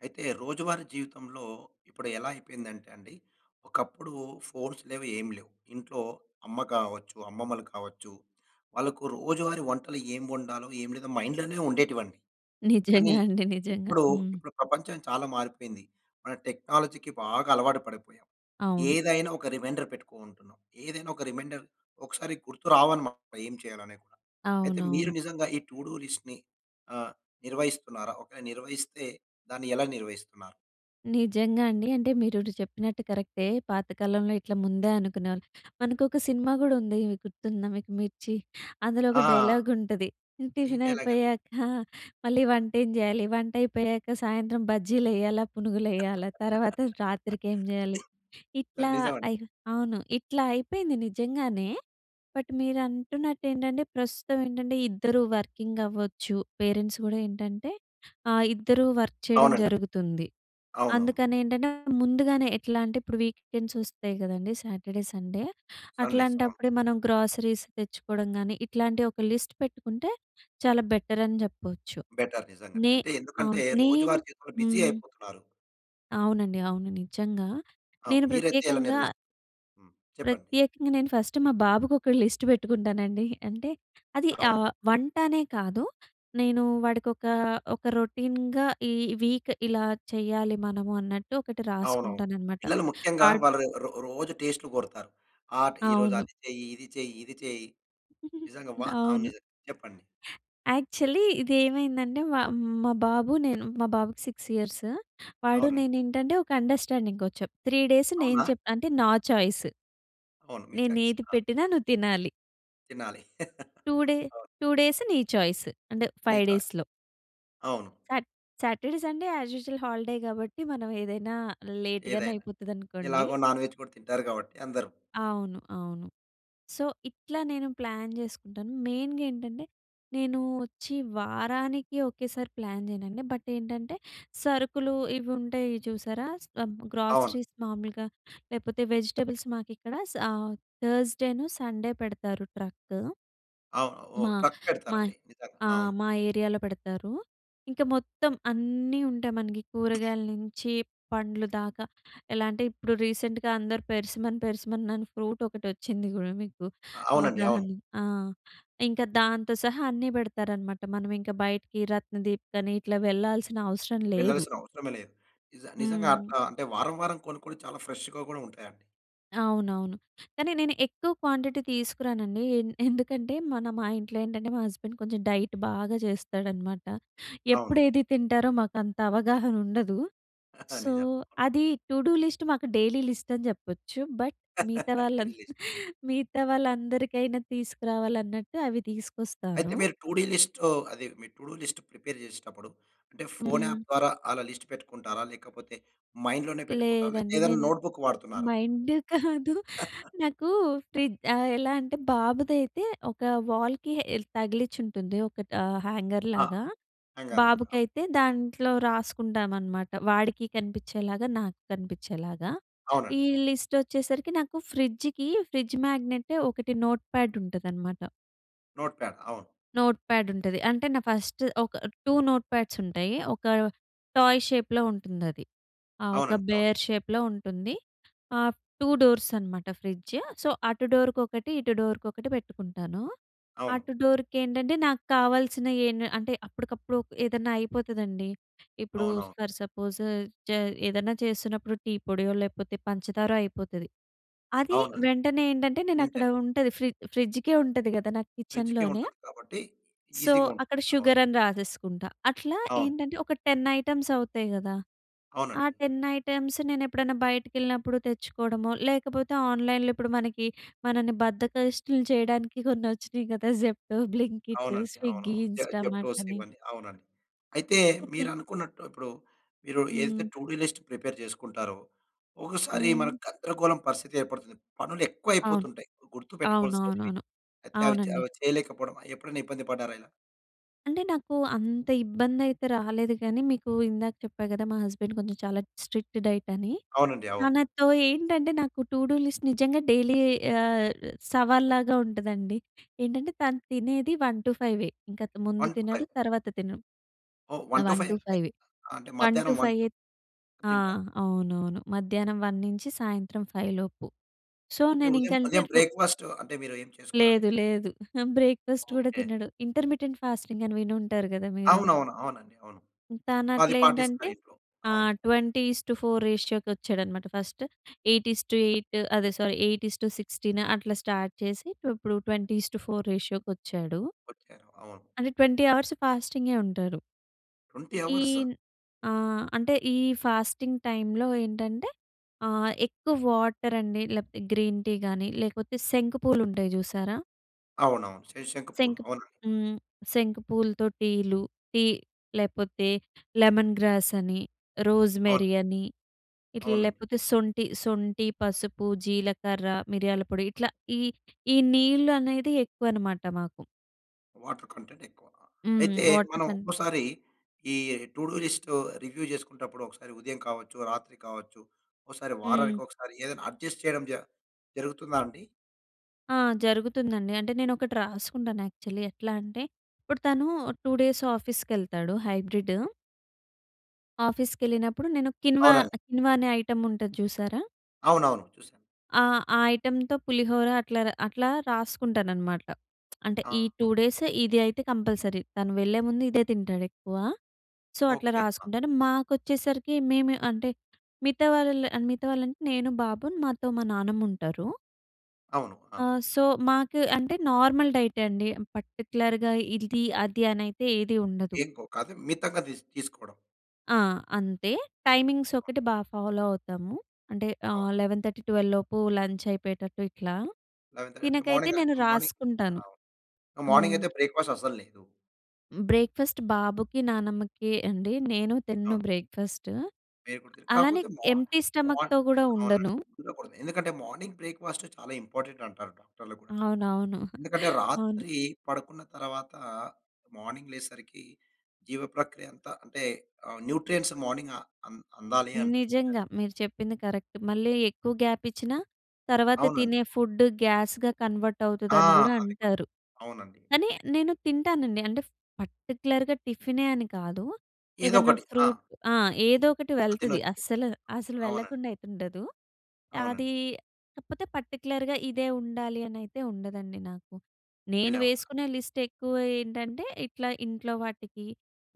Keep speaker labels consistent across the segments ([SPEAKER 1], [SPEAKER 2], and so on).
[SPEAKER 1] అయితే, రోజువారీ జీవితంలో, ఇప్పుడు ఎలా అయిపోయిందంటే అండి, ఒకప్పుడు ఫోన్స్ లేవు, ఏం లేవు. ఇంట్లో అమ్మ కావచ్చు, అమ్మమ్మలు కావచ్చు వాళ్ళకు రోజువారీ వంటలు ఏం వండాలో, ఏం లేదో, మైండ్‌లోనే ఉండేటివండి. కానీ,
[SPEAKER 2] నిజంగా అండి. నిజంగా.
[SPEAKER 1] ఇప్పుడు,
[SPEAKER 2] హ్మ్.
[SPEAKER 1] ఇప్పుడు ప్రపంచం చాలా మారిపోయింది. మన టెక్నాలజీకి బాగా అలవాటు పడిపోయాం.
[SPEAKER 2] అవును.
[SPEAKER 1] ఏదైనా ఒక రిమైండర్ పెట్టుకూంటున్నాం. ఏదేనా ఒక రిమైండర్ ఒకసారి గుర్తు రావనమాట ఏం చేయాలనేది కూడా. అయితే, మీరు
[SPEAKER 2] అవునవును.
[SPEAKER 1] నిజంగా ఈ టూడూ లిస్ట్‌ని, ఆహ్, నిర్వహిస్తున్నారా? ఓకే. నిర్వహిస్తే, దాన్ని ఎలా నిర్వహిస్తున్నారు?
[SPEAKER 2] నిజంగా అండి. అంటే, మీరిపుడు చెప్పినట్టు కరెక్టే. పాతకాలంలో ఇట్ల ముందే అనుకునేవాళ్ మనకొక సినిమా గూడా ఉంది. గుర్తుందా మీకు? 'మిర్చి.' అందులో ఒక
[SPEAKER 1] ఆ!
[SPEAKER 2] డైలాగుంటది. హ్మ్,
[SPEAKER 1] ఈ డైలాగండి?
[SPEAKER 2] టిఫినయిపోయాక, మళ్ళీ వంట ఏం చేయాలి? వంట అయిపేయాక, సాయంత్రం బజ్జీలెయాలా, పునుగులెయాలా, తర్వాత రాత్రికి ఏం జేయాలి,
[SPEAKER 1] ఆహ్,
[SPEAKER 2] ఇట్లా,
[SPEAKER 1] నిజం అండి.
[SPEAKER 2] అయి అవును. ఇట్లా అయిపోయింది నిజంగానే. బట్, మీరు అంటున్నట్టేంటంటే, ప్రస్తుతం ఏంటంటే ఇద్దరూ వర్కింగవ్వచ్చు. పేరెంట్స్ గూడా ఏంటంటే, ఆహ్, ఇద్దరూ వర్క్ చేయడం
[SPEAKER 1] అవునండి.
[SPEAKER 2] జరుగుతుంది.
[SPEAKER 1] అవునవును.
[SPEAKER 2] అందుకనేంటంటే, ముందుగానే ఎట్లా అంటే, ఇప్పుడు వీకెండ్స్ వస్తాయి గదండీ, సాటర్‌డే, సండే.
[SPEAKER 1] సండేస్. అవును.
[SPEAKER 2] అట్లాంటప్పుడే, మనం గ్రోసరీస్ తెచ్చుకోడం గాని, ఇట్లాంటి ఒక లిస్ట్ పెట్టుకుంటే, చాలా బెటర్ అని జెప్పొచ్చు.
[SPEAKER 1] బెటర్. నిజంగానే.
[SPEAKER 2] నే
[SPEAKER 1] అంటే, ఎందుకంటే,
[SPEAKER 2] అవును. నేను
[SPEAKER 1] రోజువారి జీవితంలో బీజీ
[SPEAKER 2] హ్మ్.
[SPEAKER 1] అయిపోతునారు.
[SPEAKER 2] అవునండి, అవును నిజంగా.
[SPEAKER 1] ఆ!
[SPEAKER 2] నేను
[SPEAKER 1] మీరైతే ఎలా
[SPEAKER 2] ప్రత్యేకంగా...
[SPEAKER 1] నిర్వహిస్తారు. హ్మ్. చెప్పండి.
[SPEAKER 2] ప్రత్యేకంగా నేను ఫస్ట్ మా బాబుకి ఒక లిస్ట్ పెట్టుకుంటానండి. అంటే అది,
[SPEAKER 1] అవును.
[SPEAKER 2] ఆహ్, వంటానే కాదు. నేను వాడికి ఒక, ఒక రొటీన్‌గా ఈ వీక్ ఇలా చెయ్యాలి మనము అన్నట్టు ఒకటి
[SPEAKER 1] అవునవును.
[SPEAKER 2] రాసుకుంటానన్నమాట.
[SPEAKER 1] పిల్లలు ముఖ్యంగా
[SPEAKER 2] వాడ్
[SPEAKER 1] వాళ్ళు రో రోజు టేస్ట్‌లు కోరతారు. ఆ ఈరోజు
[SPEAKER 2] అవును.
[SPEAKER 1] అది చెయి, ఇది చెయి, ఇది చేయి. నిజంగా వా అవును,
[SPEAKER 2] అవును.
[SPEAKER 1] నిజంగా చెప్పండి.
[SPEAKER 2] యాక్చువలీ ఇది, ఏమైందంటే మా మా బాబు నేను మా బాబుకి 6 ఇయర్స్. వాడు
[SPEAKER 1] అవునండి.
[SPEAKER 2] నేను ఏంటంటే, ఒక అం‌డ‌ర్‌స్టాం‌డింగ్‌కి వచ్చాం. 3 డేస్ నేను
[SPEAKER 1] అవునా!
[SPEAKER 2] చెప్ అంటే, నా చాయిస్...
[SPEAKER 1] అవును, మీ
[SPEAKER 2] నేను
[SPEAKER 1] చాయ్స్.
[SPEAKER 2] ఏది
[SPEAKER 1] ఆ!
[SPEAKER 2] పెట్టినా నువ్వు తినాలి.
[SPEAKER 1] తినాలి,
[SPEAKER 2] టూ డే
[SPEAKER 1] అవును.
[SPEAKER 2] 2 డేస్ నీ చాయిస్ అంటే 5
[SPEAKER 1] నిజమే.
[SPEAKER 2] డేస్‌లో.
[SPEAKER 1] అవును.
[SPEAKER 2] సా Saturday Sunday as usual holiday కాబట్టి మనం ఏదైనా లేట్‌గానే
[SPEAKER 1] ఏదైనా,
[SPEAKER 2] అయిపోతుందనుకోండి.
[SPEAKER 1] ఎలాగో నాన్‌వేజ్ కూడా తింటారు కాబట్టి అందరూ.
[SPEAKER 2] అవును. అవును. సో, ఇట్లా నేను ప్లాన్ చేసుకుంటాను. మెయిన్‌గా ఏంటంటే, నేను వచ్చి వారానికి ఒకేసారి ప్లాన్ చేయనండి బట్ ఏంటంటే సరుకులు ఇవి ఉంటాయి చూసారా?
[SPEAKER 1] అవును.
[SPEAKER 2] గ్రోసరీస్ మామూలుగా లేకపోతే వెజిటబుల్స్ మాకు ఇక్కడ ఆహ్, థర్స్‌డే, సండే పెడతారు ట్రక్.
[SPEAKER 1] అవును, ఓహ్!
[SPEAKER 2] మా,
[SPEAKER 1] ట్రక్
[SPEAKER 2] మా
[SPEAKER 1] పెడతారండి. నిజంగా
[SPEAKER 2] ఆహ్,
[SPEAKER 1] అవును.
[SPEAKER 2] మా ఏరియాలో పెడతారు. ఇంక మొత్తం అన్నీ ఉంటాయి మనకి కూరగాయల నుంచి పండ్లు దాకా. ఎలా అంటే ఇప్పుడు, రీసెంట్‍గా అందరూ పెర్సిమన్ పెర్సిమన్ ఫ్రూట్ ఒకటి వచ్చింది కూడా మీకు
[SPEAKER 1] అవునండి. అవును.
[SPEAKER 2] అవగాహన ఆ! ఇంకా దాంతో సహా అన్నీ పెడతారనమాట మనం ఇంకా బయటికి రత్నదీప్ అని ఇట్లా వెళ్ళాల్సిన అవసరం లేదు.
[SPEAKER 1] వెళ్ళాల్సిన అవసరమే లేదు. నిజ నిజంగా అట
[SPEAKER 2] హ్మ్.
[SPEAKER 1] అంటే వారం, వారం కొనుక్కొని చాలా ఫ్రెష్‌గా కూడా ఉంటాయండి.
[SPEAKER 2] అవునవును. కానీ, నేను ఎక్కువ క్వాంటిటీ తీసుకురానండి ఏ ఎందుకంటే, మన మా ఇంట్లో ఏంటంటే, మా హస్బెండ్ కొంచెం డైట్ బాగా చేస్తాడనమాట. ఎప్పుడు
[SPEAKER 1] అవును.
[SPEAKER 2] ఏది తింటారో మాకు అంత అవగాహన ఉండదు. సో,
[SPEAKER 1] నిజం.
[SPEAKER 2] అది టూడూ లిస్ట్ మాకు డైలీ లిస్ట్ అని చెప్పొచ్చు. బట్, మిగతా
[SPEAKER 1] టూడి
[SPEAKER 2] రాళ్ళం‌త
[SPEAKER 1] లిస్ట్.
[SPEAKER 2] మిగతా వాళ్ళందరికైనా తీసుకురావాలన్నట్టు అవి
[SPEAKER 1] అయితే
[SPEAKER 2] తీసుకొస్తాను.
[SPEAKER 1] మీరు టూడీ లిస్టు ఆది మీ టూడూ లిస్ట్ ప్రిపేర్ చేసేటప్పుడు, అంటే, ఫోన్
[SPEAKER 2] హ్మ్.
[SPEAKER 1] అప్ ద్వారా ఆలా లిస్ట్ పెట్టుకుంటారా? లేకపోతే, మైండ్ లోనే పెట్టుకుంటారా? లేకపోతే,
[SPEAKER 2] లేదండి.
[SPEAKER 1] ఏదైనా
[SPEAKER 2] నేను
[SPEAKER 1] నోట్‌బుక్ వాడుతునారా?
[SPEAKER 2] మైండ్ కాదు. నాకు ఫ్రి ఎలా అంటే, బాబుదైతే ఒక వాల్‍కి ఎల్ తగిలించి ఉంటుంది ఒక‌టా హ్యాంగర్‌
[SPEAKER 1] ఆహ్,
[SPEAKER 2] లాగా,
[SPEAKER 1] హ్యాంగర్‌ లాగా.
[SPEAKER 2] బాబుకి అయితే దాంట్లో రాసుకుంటామనమాట. వాడికి కనిపించేలాగా, నాకు కనిపించేలాగా. ఈ
[SPEAKER 1] అవునండి. అవును.
[SPEAKER 2] లిస్టోచ్చేసరికి నాకు ఫ్రిడ్జ్‌కి, ఫ్రిడ్జ్ మ్యాగ్నెట్ ఒకటి నోట్‌ప్యాడ్ ఉంటదనమాట...
[SPEAKER 1] నోట్‌ప్యాడ్. అవును.
[SPEAKER 2] నోట్‌ప్యాడ్ ఉంటది. అంటే నా ఫస్ట్ ఒక 2 నోట్‌ప్యాడ్స్ ఉంటయి. ఒక టాయ్ షేప్‍లో ఉంటుందది. ఆ! ఒక
[SPEAKER 1] అవునండి. అవును.
[SPEAKER 2] బేర్ షేప్‌లో ఉంటుంది. ఆహ్, టూ డోర్స్ అనమాట ఫ్రిడ్జ్. సో, అటు డోర్‌కొకటి, ఇటు డోర్‌కొకటి పెట్టుకుంటాను.
[SPEAKER 1] అవును.
[SPEAKER 2] అటు డోర్‌కి ఏంటంటే నాకు కావాల్సిన ఏ‌న్ అంటే అప్పటికప్పుడు ఏదన్నా అయిపోతదండి, ఇప్పుడు
[SPEAKER 1] అవునవును.
[SPEAKER 2] ఫర్ సపోజ్ చే ఏదన్నా చేస్తున్నప్పుడు టీ పొడియో, లేకపోతే పంచదారో అయిపోతది. అది
[SPEAKER 1] అవునండి.
[SPEAKER 2] వెంటనే ఏంటంటే, నేను అక్కడ
[SPEAKER 1] లిమిటేడ్.
[SPEAKER 2] ఉంటది ఫ్రి ఫ్రిడ్జ్‌కే ఉంటది కదా నాకు
[SPEAKER 1] ఫ్రిడ్జ్‌కే
[SPEAKER 2] కిచెన్‍లోనే...
[SPEAKER 1] ఉంటది కాబట్టి,
[SPEAKER 2] సో,
[SPEAKER 1] ఈజీగా ఉంటుంది.
[SPEAKER 2] అక్కడ
[SPEAKER 1] అవును.
[SPEAKER 2] షుగర్ అని రాసేసుకుంటా. అట్లా
[SPEAKER 1] అవును.
[SPEAKER 2] ఏంటంటే, ఒక 10 ఐటెమ్స్ అవుతయి కదా! ఆ
[SPEAKER 1] అవునండి.
[SPEAKER 2] 10 ఐటెమ్స్ నేను ఎప్పుడన్నా బయటికెళ్ళినప్పుడు తెచ్చుకోవడమో, లేకపోతే ఆన్‍లైన్‍లో ఇప్పుడు మనకి, మనని బద్ధకస్తుల్ని చేయడానికి కొన్ని వచ్చినాయి కదా! జెప్టో, బ్లింకిట్,
[SPEAKER 1] అవునండి. అవును,
[SPEAKER 2] స్విగ్గీ,
[SPEAKER 1] అవును. జే
[SPEAKER 2] ఇంస్టామార్ట్
[SPEAKER 1] జెప్టోస్
[SPEAKER 2] అని.
[SPEAKER 1] ఇవన్ని అవునండి. అయితే, మీరు అనుకున్నట్టు ఇప్పుడు, మీరు ఏదైతే
[SPEAKER 2] హ్మ్.
[SPEAKER 1] టూడూ లిస్ట్ ప్రిపేర్ చేసుకుంటారో, ఒకసారి మన
[SPEAKER 2] హ్మ్.
[SPEAKER 1] గందరగోళం పరిస్థితి ఏర్పడుతుంది. పనులు ఎక్కువ
[SPEAKER 2] అవును.
[SPEAKER 1] అయిపోతుంటాయి గుర్తుపెట్టుకోవాల్సినేటివి
[SPEAKER 2] అవునవునవును.
[SPEAKER 1] అయితే, అవి చే
[SPEAKER 2] అవునండి.
[SPEAKER 1] అవి చేయలేకపోవడం అ‌యీ ఎప్పుడైనా ఇబ్బంది పడ్డారా ఇలా?
[SPEAKER 2] అంటే నాకు అంత ఇబ్బంది అయితే రాలేదు కానీ, మీకు ఇందాక చెప్పా కదా! మా హస్బెండ్ కొంచెం చాలా స్ట్రిక్ట్ డైట్ అని.
[SPEAKER 1] అవునండి. అవును.
[SPEAKER 2] తనతో ఏంటంటే నాకు టూ డూ లిస్ట్ నిజంగా డైలీ ఆహ్, సవాల్లాగా ఉంటుందండి. ఏంటంటే తను తినేది 1:00-5:00 ఇంక ముందు
[SPEAKER 1] వన్,
[SPEAKER 2] తినడు
[SPEAKER 1] ఫైవ్
[SPEAKER 2] తర్వాత తినడు.
[SPEAKER 1] ఓహ్!
[SPEAKER 2] అ
[SPEAKER 1] వన్ టూ
[SPEAKER 2] వన్ టూ
[SPEAKER 1] ఫైవే.
[SPEAKER 2] ఫైవే
[SPEAKER 1] అంటే అ
[SPEAKER 2] వన్ టూ
[SPEAKER 1] మధ్యాహ్నం
[SPEAKER 2] ఫైవ్.
[SPEAKER 1] 1:00 తింటారు.
[SPEAKER 2] ఆహ్. అవునవును. మధ్యాహ్నం 1:00 నుంచి సాయంత్రం 5:00 లోపు. సో,
[SPEAKER 1] అంటే ఉదయం
[SPEAKER 2] నేనింకంటే
[SPEAKER 1] ఉదయం
[SPEAKER 2] రొ
[SPEAKER 1] బ్రే‌క్‌‌ఫాస్ట్ అంటే మీరు ఏమి చేసుకోరా అండి?
[SPEAKER 2] లేదు. లేదు. బ్రేక్‌ఫాస్ట్ కూడా
[SPEAKER 1] ఓకే.
[SPEAKER 2] తినడు. ఇంటర్మిటెంట్ ఫాస్టింగ్ అని విని ఉంటారు కదా! మీరు.
[SPEAKER 1] అవునవును. అవునండి. అవును.
[SPEAKER 2] తాను అట్ల
[SPEAKER 1] అది పాటిస్తా
[SPEAKER 2] ఏంటంటే?
[SPEAKER 1] ఇప్పుడు
[SPEAKER 2] ఆ!
[SPEAKER 1] అవును.
[SPEAKER 2] 20:4 రేషియోకి వచ్చాడన్నమాట ఫస్ట్. 8:8 అదే సారీ. 8:16 అట్లా స్టార్ట్ చేసి ఇప్పుడు 20:4 రేషియోకి వచ్చాడు.
[SPEAKER 1] ఓకే. అవును.
[SPEAKER 2] అంటే 20 అవర్స్ ఫాస్టింగే ఉంటారు.
[SPEAKER 1] 20
[SPEAKER 2] ఈ
[SPEAKER 1] అవర్స్?
[SPEAKER 2] ఆహ్, అంటే ఈ ఫాస్టింగ్ టైమ్‌లో ఏంటంటే. ఆ! ఎక్కువ వాటర్ అండి లేకపోతే గ్రీన్ టీ గాని లేకపోతే శంకు పూలు ఉంటాయి చూసారా?
[SPEAKER 1] అవునవును. శ శంకు పూలు
[SPEAKER 2] శంక్
[SPEAKER 1] అవునండి.
[SPEAKER 2] హ్మ్. శంకు పూలతో టీలు. టీ లేకపోతే లెమన్ గ్రాస్ అని.
[SPEAKER 1] అవును.
[SPEAKER 2] రోస్‌మెరీ అని. ఇట్ల
[SPEAKER 1] అవును.
[SPEAKER 2] లేకపోతే సొంటి సొంటి, పసుపు, జీలకర్ర, మిర్యాల పొడి ఇట్లా ఈ ఈ నీళ్ళు అనేది ఎక్కువ అనమాట మాకు.
[SPEAKER 1] వాటర్ కంటెంట్ ఎక్కువ.
[SPEAKER 2] హ్మ్.
[SPEAKER 1] అయితే
[SPEAKER 2] వాటర్
[SPEAKER 1] మనం
[SPEAKER 2] కంటెంట్.
[SPEAKER 1] ఒక్కోసారి ఈ టు డు లిస్ట్ రివ్యూ చేసుకున్నప్పుడు ఒకసారి ఉదయం కావచ్చు, రాత్రి కావచ్చు ఒకసారి వారానికి
[SPEAKER 2] హ్మ్.
[SPEAKER 1] ఒకసారి ఏదైనా అడ్జస్ట్ చేయడం జ జరుగుతుందా అండి?
[SPEAKER 2] ఆ! జరుగుతుందండి. అంటే నేను ఒకటి రాసుకుంటాను యాక్చువలి. ఎట్లా అంటే ఇప్పుడు తను 2 డేస్ ఆఫీస్‌కెళ్తాడు హైబ్రిడు. ఆఫీస్‌కెళ్ళినప్పుడు నేను కిన్వా,
[SPEAKER 1] అవునండి.
[SPEAKER 2] కిన్వా అనే ఐటమ్ ఉంటది చూసారా?
[SPEAKER 1] అవునవును. చూశా.
[SPEAKER 2] ఆ! ఆ ఐటెమ్‌తో పులిహోర అట్లా అట్లా రాసుకుంటాననమాట. అంటే ఈ 2
[SPEAKER 1] [unintelligible]
[SPEAKER 2] డేస్ ఇది అయితే కంపల్సరీ. తను వెళ్ళేముందు ఇదే తింటాడు ఎక్కువ. సో, అట్లా
[SPEAKER 1] ఓకే.
[SPEAKER 2] రాసుకుంటాను. మాకొచ్చేసరికి మేము అంటే, మిగతా వాళ్ళ మిగతా వాళ్ళంటే నేను, బాబు మాతో మా నానమ్ముంటారు.
[SPEAKER 1] అవును.
[SPEAKER 2] ఆ!
[SPEAKER 1] ఆ!
[SPEAKER 2] సో, మాకు అంటే నార్మల్ డైట్ అండి. పర్టిక్యులర్‌గా ఇది అది అనైతే ఏది ఉండదు.
[SPEAKER 1] ఎక్కువ కాదు. మితంగా తీస్ తీసుకోవడం.
[SPEAKER 2] ఆ! అంతే. టైమింగ్స్ ఒకటి బా ఫాలో అవుతాము. అంటే ఆహ్,
[SPEAKER 1] అవును.
[SPEAKER 2] 11:30, 12:00 లోపు లంచ్ అయిపోయేటట్టు ఇట్లా.
[SPEAKER 1] 11:30 అంటే
[SPEAKER 2] తినకైతే
[SPEAKER 1] మార్నింగా?
[SPEAKER 2] నేను
[SPEAKER 1] మార్నింగ్,
[SPEAKER 2] రాసుకుంటాను.
[SPEAKER 1] అవును. మార్నింగ్
[SPEAKER 2] హ్మ్.
[SPEAKER 1] అయితే బ్రేక్‌ఫాస్ట్ అస్సలు లేదు.
[SPEAKER 2] బ్రేక్‌ఫాస్ట్ బాబుకి, నానమ్మకీ అండి. నేను తినను
[SPEAKER 1] అవును.
[SPEAKER 2] బ్రేక్‌ఫాస్ట్.
[SPEAKER 1] [unintelligible]
[SPEAKER 2] అలానే
[SPEAKER 1] కాకపోతే మార్
[SPEAKER 2] ఎంప్టీ స్టమక్‌తో
[SPEAKER 1] మార్నింగ్
[SPEAKER 2] కూడా
[SPEAKER 1] అవునండి.
[SPEAKER 2] ఉండను.
[SPEAKER 1] ఎందుకంటే మార్నింగ్ బ్రేక్‌ఫాస్ట్ చాలా ఇంపార్టెంట్ అంటారు డాక్టర్‌లు గుడా.
[SPEAKER 2] అవునవును.
[SPEAKER 1] ఎందుకంటే
[SPEAKER 2] అవును.
[SPEAKER 1] రాత్రి పడుకున్న తర్వాత మార్నింగ్ లేసేసరికి జీవ ప్రక్రియ అంతా అంటే న్యూట్రియంట్స్ మార్నింగ్ అం అందాలి అంటారు.
[SPEAKER 2] నిజంగా. మీరు చెప్పింది కరెక్ట్. మళ్ళీ ఎక్కువ గాప్ ఇచ్చినా, తర్వాత
[SPEAKER 1] అవునండి.
[SPEAKER 2] తినే ఫుడ్ గ్యాస్‌గా కన్వర్ట్
[SPEAKER 1] ఆ!
[SPEAKER 2] అవుతుదని కూడా
[SPEAKER 1] అది కూడ
[SPEAKER 2] అంటారు.
[SPEAKER 1] అవునండి.
[SPEAKER 2] కానీ నేను తింటానండి. అంటే పర్టిక్యులర్‌గా టిఫినే అని కాదు. ఏదన్నా
[SPEAKER 1] ఏదోకటి.
[SPEAKER 2] ఫ్రూట్
[SPEAKER 1] ఆ!
[SPEAKER 2] ఆహ్, ఏదో ఒకటి
[SPEAKER 1] అది
[SPEAKER 2] వెళ్తది
[SPEAKER 1] తినొచ్చు.
[SPEAKER 2] అస్సలు, అసలు
[SPEAKER 1] అవునండి.
[SPEAKER 2] వెళ్ళకుండా అయితే ఉండదు. అదీ
[SPEAKER 1] అవునండి.
[SPEAKER 2] కాకపోతే పర్టిక్యులర్‌గా ఇదే ఉండాలి అనైతే ఉండదండి నాకు. నేను
[SPEAKER 1] ఇలా ఉండాలి.
[SPEAKER 2] వేసుకునే లిస్ట్ ఎక్కువ ఏంటంటే ఇట్లా ఇంట్లో వాటికి,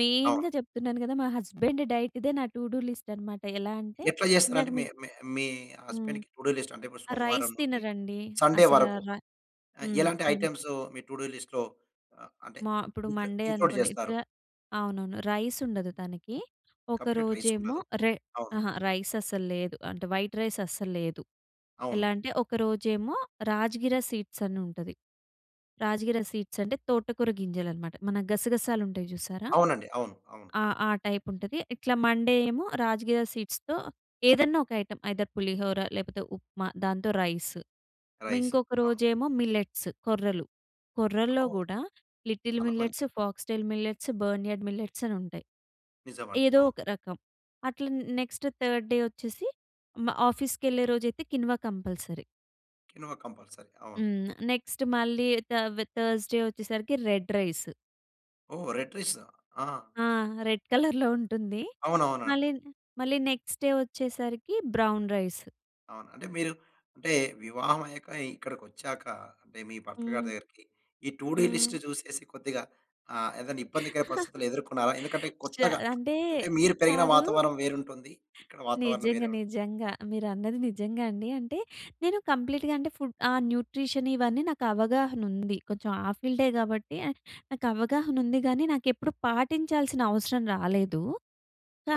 [SPEAKER 2] మెయిన్‍గా
[SPEAKER 1] అవును.
[SPEAKER 2] చెప్తున్నాను కదా మా హస్బెండ్ డైట్ ఇదే నా టూ డు లిస్ట్ అనమాట ఎలా అంటే
[SPEAKER 1] ఎట్లా
[SPEAKER 2] ఇందాక
[SPEAKER 1] చేస్తారంటే మీ
[SPEAKER 2] మీకు
[SPEAKER 1] మీ మీ
[SPEAKER 2] హ్మ్.
[SPEAKER 1] హస్బెండ్‌కి టూ డు లిస్ట్ అంటే
[SPEAKER 2] ఆహ్, రైస్
[SPEAKER 1] సోమవారం నుండి,
[SPEAKER 2] తినరండి
[SPEAKER 1] సండే
[SPEAKER 2] అసల
[SPEAKER 1] వరకు
[SPEAKER 2] రై
[SPEAKER 1] అ
[SPEAKER 2] హ్మ్
[SPEAKER 1] ఎలాంటి
[SPEAKER 2] అ
[SPEAKER 1] ఐటెమ్స్ మీ టూ డూ లిస్ట్‌లో ఆహ్, ఆహ్, అంటే
[SPEAKER 2] మా ఇప్పుడు
[SPEAKER 1] ఇ
[SPEAKER 2] మండే
[SPEAKER 1] ఇంక్లూడ్
[SPEAKER 2] అనుకోండి ఎక్స
[SPEAKER 1] చేస్తారు?
[SPEAKER 2] అవునవును రైస్ ఉండదు తనకి. ఒక
[SPEAKER 1] కంప్లీట్ రైస్
[SPEAKER 2] రోజేమో
[SPEAKER 1] ఉండదు.
[SPEAKER 2] రెహ్
[SPEAKER 1] అవును.
[SPEAKER 2] అహా! రైస్ అస్సలు లేదు. అంటే వైట్ రైస్ అస్సలు లేదు.
[SPEAKER 1] అవును.
[SPEAKER 2] ఎలా అంటే ఒక రోజేమో రాజగిర సీడ్స్ అని ఉంటది. రాజగిర సీడ్స్ అంటే, తోటకూర గింజలనమాట. మన గసగసాలు ఉంటాయి చూసారా
[SPEAKER 1] అవునండి. అవును, అవును.
[SPEAKER 2] ఆ! ఆ టైప్ ఉంటది. ఇట్లా మండే ఏమో రాజగిర సీడ్స్‌తో ఏదన్నా ఒక ఐటెమ్ ఐదర్ పులిహోరా లేకపోతే ఉప్మా, దాంతో రైస్.
[SPEAKER 1] రైస్
[SPEAKER 2] ఇంకొక
[SPEAKER 1] ఆ!
[SPEAKER 2] రోజేమో మిల్లెట్స్ కొర్రలు. కొర్రల్లో
[SPEAKER 1] అవును.
[SPEAKER 2] కూడా లిటిల్
[SPEAKER 1] చాలా మంచిది.
[SPEAKER 2] Millets, foxtail millets, barnyard millets అనుంటాయి.
[SPEAKER 1] నిజమండి.
[SPEAKER 2] ఏదో
[SPEAKER 1] అవును.
[SPEAKER 2] ఒక రకం. అట్లా నె నెక్స్ట్ థర్డ్ డే వచ్చేసి మా ఆఫీస్‌కెళ్ళే రోజైతే కినువా కంపాల్సరి.
[SPEAKER 1] Quinoa compulsory. అవును.
[SPEAKER 2] హ్మ్. నెక్స్ట్ మళ్ళీ థ థర్స్‌డే వచ్చేసరికి రెడ్ రైస్.
[SPEAKER 1] ఓహ్! Red rice. ఆ!
[SPEAKER 2] ఆ! రెడ్ కలర్‍లో ఉంటుంది. మళ్ళీ
[SPEAKER 1] అవునవునండి.
[SPEAKER 2] మళ్ళీ నెక్స్ట్ డే వచ్చేసరికి బ్రౌన్ రైస్.
[SPEAKER 1] అవును. అంటే మీరు అంటే వివాహం అయ్యాక ఇక్కడికొచ్చాక అంటే, మీ భర్త గారి
[SPEAKER 2] హ్మ్.
[SPEAKER 1] దగ్గరికి. ఈ టూ డు లిస్ట్
[SPEAKER 2] హ్మ్.
[SPEAKER 1] చూసేసి కొద్దిగా ఆహ్, ఏదైనా ఇబ్బందికర పరిస్థితులు ఎదుర్కొన్నారా? ఎందుకంటే,
[SPEAKER 2] జ
[SPEAKER 1] కొత్తగా
[SPEAKER 2] అంటే,
[SPEAKER 1] అంటే మీరు పెరిగిన
[SPEAKER 2] కాదు.
[SPEAKER 1] వాతావరణం వేరుంటుంది. ఇక్కడ వాతావరణం
[SPEAKER 2] నిజంగా,
[SPEAKER 1] వేరే ఉం
[SPEAKER 2] నిజంగా. మీరు అన్నది నిజంగా అండి. అంటే, నేను కంప్లీట్‌గా అంటే ఫుడ్ ఆ! న్యూట్రిషన్ ఇవన్నీ నాకు అవగాహన ఉంది. కొంచెం ఆ ఫీల్డే కాబట్టి, నాకు అవగాహన ఉంది గానీ, నాకెప్పుడూ పాటించాల్సిన అవసరం రాలేదు.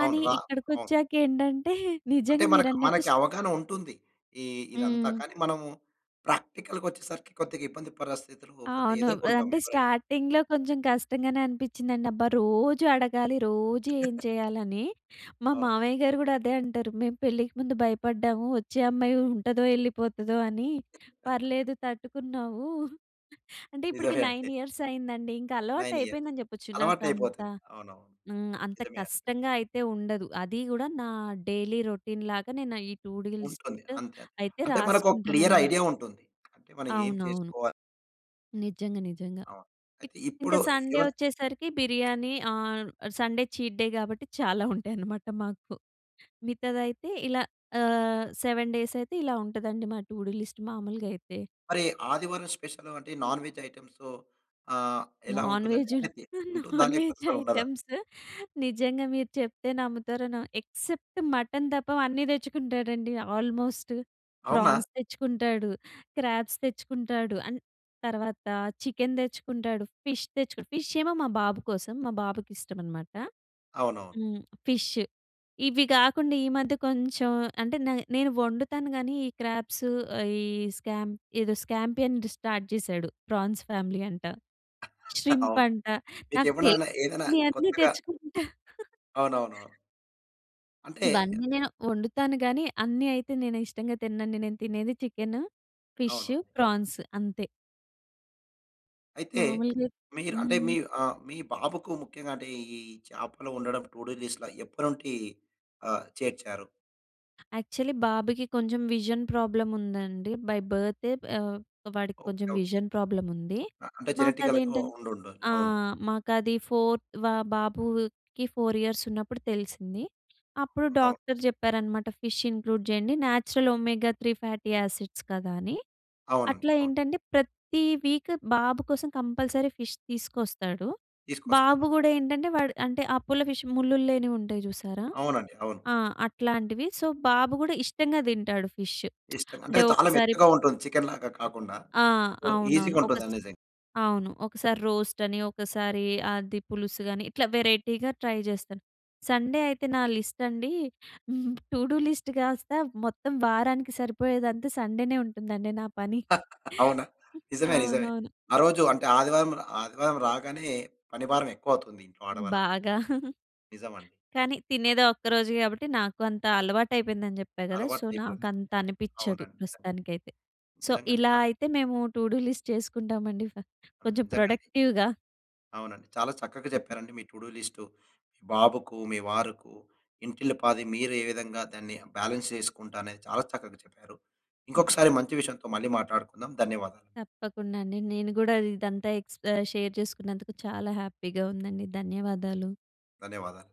[SPEAKER 1] అవును. రా అవును.
[SPEAKER 2] ఇక్కడికొచ్చాకేంటంటే,
[SPEAKER 1] అంటే
[SPEAKER 2] నిజంగా
[SPEAKER 1] మన
[SPEAKER 2] మీరన్నట్టు
[SPEAKER 1] మనకి అవగాహన ఉంటుంది. ఈ ఇదంతా
[SPEAKER 2] హ్మ్.
[SPEAKER 1] కానీ, మనం ప్రాక్టికల్‌గా వచ్చేసరికి కొద్దిగా ఇబ్బంది పరస్థితులు కొద్దిగా
[SPEAKER 2] అవును.
[SPEAKER 1] ఎదుర్కొంటాం
[SPEAKER 2] అంటే,
[SPEAKER 1] ఎవరైనా.
[SPEAKER 2] స్టార్టింగ్‌లో కొంచెం కష్టంగానే అనిపించిందండి. అబ్బా! రోజూ అడగాలి, రోజూ ఏం చేయాలని. మా
[SPEAKER 1] అవును.
[SPEAKER 2] మావయ్య గారు గూడా అదే అంటారు. "మేము పెళ్ళికి ముందు భయపడ్డాము. వచ్చే అమ్మాయి ఉంటదో, వెళ్ళిపోతదో" అని. "పర్లేదు తట్టుకున్నావు." అంటే, ఇప్పటికి
[SPEAKER 1] నిజమే అండి.
[SPEAKER 2] 9 ఇయర్స్ అయిందండి. ఇంక అలవాటు
[SPEAKER 1] 9 ఇయర్స్.
[SPEAKER 2] అయిపోయిందని చెప్పొచ్చు. నాకంత
[SPEAKER 1] అలవాటయిపోతుంది. అవునవును.
[SPEAKER 2] ఆహ్, అంత
[SPEAKER 1] నిజమే అండి.
[SPEAKER 2] కష్టంగా అయితే ఉండదు. అది గూడా నా డైలీ రొటీన్ లాగా నేను ఈ టూ డు లిస్ట్
[SPEAKER 1] ఉంటుంది. అంతే.
[SPEAKER 2] అయితే
[SPEAKER 1] అంటే మనకు ఒక క్లియర్
[SPEAKER 2] రాసుకుంటాననమాట.
[SPEAKER 1] ఐడియా ఉంటుంది. అంటే మనం ఏం
[SPEAKER 2] అవునవును.
[SPEAKER 1] చేసుకోవ
[SPEAKER 2] నిజంగా, నిజంగా.
[SPEAKER 1] అవును. అయితే ఇప్పుడు
[SPEAKER 2] ఇంకా సండే వచ్చేసరికి బిర్యానీ ఆహ్, సండే చీట్ డే కాబట్టి చాలా ఉంటాయన్నమాట మాకు. మిగతాదైతే ఇలా ఆహ్, సెవెన్ డేస్ అయితే ఇలా ఉంటుందండి మా టూ డు లిస్ట్ మామూలుగా అయితే.
[SPEAKER 1] మరి ఆదివారం స్పెషల్ అంటే నాన్ వెజ్ ఐటమ్సు ఆహ్, ఎలా
[SPEAKER 2] నాన్
[SPEAKER 1] ఉంటుందండి?
[SPEAKER 2] వెజు
[SPEAKER 1] ఉంటుందా?
[SPEAKER 2] నాన్
[SPEAKER 1] లేకపోతే
[SPEAKER 2] వెజ్
[SPEAKER 1] అసలు ఉండదా?
[SPEAKER 2] ఐటెమ్సు. నిజంగా మీరు చెప్తే నమ్ముతారు న ఎక్సెప్ట్ మటన్ తప్ప అన్నీ తెచ్చుకుంటాడండి ఆల్మోస్ట్.
[SPEAKER 1] అవునా!
[SPEAKER 2] ప్రాన్స్ తెచ్చుకుంటాడు, క్రాబ్స్ తెచ్చుకుంటాడు, అండ్ తర్వాత చికెన్ తెచ్చుకుంటాడు, ఫిష్ తెచ్చు ఫిష్ ఏమో మా బాబు కోసం. మా బాబుకి ఇష్టమనమాట.
[SPEAKER 1] అవునవును.
[SPEAKER 2] హ్మ్. ఫిష్. ఇవి కాకుండా ఈ మధ్య కొంచెం అంటే నే నేను వండుతాను గానీ, ఈ క్రాబ్సు, ఈ స్కాం ఏదో స్కాంపియన్‌‌ది స్టార్ట్ చేసాడు. ప్రాన్స్ ఫ్యామిలీ అంట. శ్రీంప్
[SPEAKER 1] అవును.
[SPEAKER 2] అంట.
[SPEAKER 1] మీకు
[SPEAKER 2] నాకు
[SPEAKER 1] ఎవనైనా ఏదైనా
[SPEAKER 2] తెలియనవాన్ని
[SPEAKER 1] కొత్తగా
[SPEAKER 2] తెచ్చుకుంటాడు.
[SPEAKER 1] అవునవును. అంటే
[SPEAKER 2] ఇవన్నీ నేను వండుతాను గానీ, అన్నీ అయితే నేను ఇష్టంగా తినండి. నేను తినేది చికెను,
[SPEAKER 1] అవును.
[SPEAKER 2] ఫిషు, ప్రాన్సు అంతే.
[SPEAKER 1] అయితే,
[SPEAKER 2] మాములుగా
[SPEAKER 1] మీరు అంటే
[SPEAKER 2] హ్మ్.
[SPEAKER 1] మీ ఆహ్, మీ బాబుకు ముఖ్యంగా అంటే ఈ చేపలు వండడం టు డు లిస్ట్‌ల ఎప్పటి నుండి ఆహ్, చేర్చారు?
[SPEAKER 2] యాక్చువల్లీ, బాబుకి కొంచెం విజన్ ప్రాబ్లమ్ ఉందండి. బై బర్తే, ఆహ్, వాడికి
[SPEAKER 1] ఓకే,
[SPEAKER 2] కొంచెం
[SPEAKER 1] ఓకే.
[SPEAKER 2] విజన్ ప్రాబ్లమ్ ఉంది.
[SPEAKER 1] అ అంటే
[SPEAKER 2] మాకు
[SPEAKER 1] జెనిటికల్‌గా ఉ
[SPEAKER 2] అదేంటం
[SPEAKER 1] ఉండుండాలి.
[SPEAKER 2] ఆ!
[SPEAKER 1] అవును.
[SPEAKER 2] మాకు అది ఫోర్ వా బాబుకి 4 ఇయర్స్ ఉన్నప్పుడు తెలిసింది. అప్పుడు
[SPEAKER 1] అవును.
[SPEAKER 2] డాక్టర్ చెప్పారనమాట, ఫిష్ ఇంక్లూడ్ చేయండి. Natural omega three fatty acids కదా! అని.
[SPEAKER 1] అవునండి,
[SPEAKER 2] అట్లా
[SPEAKER 1] అవును.
[SPEAKER 2] ఏంటంటే, ప్రతి వీక్ బాబు కోసం కంపల్సరీ ఫిష్ తీసుకొస్తాడు.
[SPEAKER 1] తీసుకొస్తారు.
[SPEAKER 2] బాబు కూడా ఏంటంటే, వాడు అంటే అపోలో ఫిష్ ముల్లులు లేనివి ఉంటాయి చూసారా!
[SPEAKER 1] అవునండి, అవును.
[SPEAKER 2] ఆ! అట్లాంటివి. సో, బాబు కూడా ఇష్టంగా తింటాడు ఫిష్
[SPEAKER 1] ఇష్టంగా.
[SPEAKER 2] అంటే
[SPEAKER 1] అంటే చాలా
[SPEAKER 2] ఒకసారి
[SPEAKER 1] మెత్తగా ఉంటుంది చికెన్‌ లాగా కాకుండా,
[SPEAKER 2] ఆ!
[SPEAKER 1] సో,
[SPEAKER 2] అవునవును. ఒక స్
[SPEAKER 1] ఈజీగుంటుందండి నిజం.
[SPEAKER 2] అవును. ఒకసారి రోస్ట్ అని, ఒకసారి అది పులుసు అని, ఇట్లా వెరైటీగా ట్రై చేస్తాను. సండే అయితే నా లిస్ట్ అండి, టూడూ లిస్ట్ కాస్త మొత్తం వారానికి సరిపోయేదంతా సండేనే ఉంటుందండి నా పని.
[SPEAKER 1] అవునా! నిజమే, నిజమే.
[SPEAKER 2] అవునవును.
[SPEAKER 1] ఆ రోజు, అంటే ఆదివారం రా ఆదివారం రాగానే, పని భారం ఎక్కువవుతుంది ఇంట్లో ఆడవాళ్లకు.
[SPEAKER 2] బాగా.
[SPEAKER 1] నిజమండి.
[SPEAKER 2] కానీ, తినేది ఆ ఒక్కరోజు కాబట్టి నాకు అంత అలవాటు అయిపోయిందని చెప్పా కదా! సో,
[SPEAKER 1] అలవాటయిపోయింది,
[SPEAKER 2] నాకంత అనిపించదు
[SPEAKER 1] అవునండి.
[SPEAKER 2] ప్రస్తుతానికైతే. సో,
[SPEAKER 1] నిజంగా అండి
[SPEAKER 2] ఇలా
[SPEAKER 1] చా
[SPEAKER 2] అయితే మేము టూడూ లిస్ట్ చేసుకుంటామండి,
[SPEAKER 1] అవును.
[SPEAKER 2] కొంచెం
[SPEAKER 1] నిజంగా అండి.
[SPEAKER 2] ప్రొడక్టివ్‌గా.
[SPEAKER 1] అవునండి. చాలా చక్కగా చెప్పారండి మీ టూడూ లిస్ట్. మీ బాబుకు, మీ వారుకు, ఇంటిల్లి పాది మీరు ఏ విధంగా దాన్ని, బాలన్స్ చేసుకుంట అనేది చాలా చక్కగా చెప్పారు. ఇంకొకసారి మంచి విషయంతో మళ్ళి మాట్లాడుకుందాం. ధన్యవాదాలు.
[SPEAKER 2] తప్పకుండా అండి. నేను కూడా ఇదంతా ఎక్స్ ఆహ్, షేర్ చేసుకున్నందుకు చాలా హ్యాపీగా ఉందండి. ధన్యవాదాలు.
[SPEAKER 1] ధన్యవాదాలండి.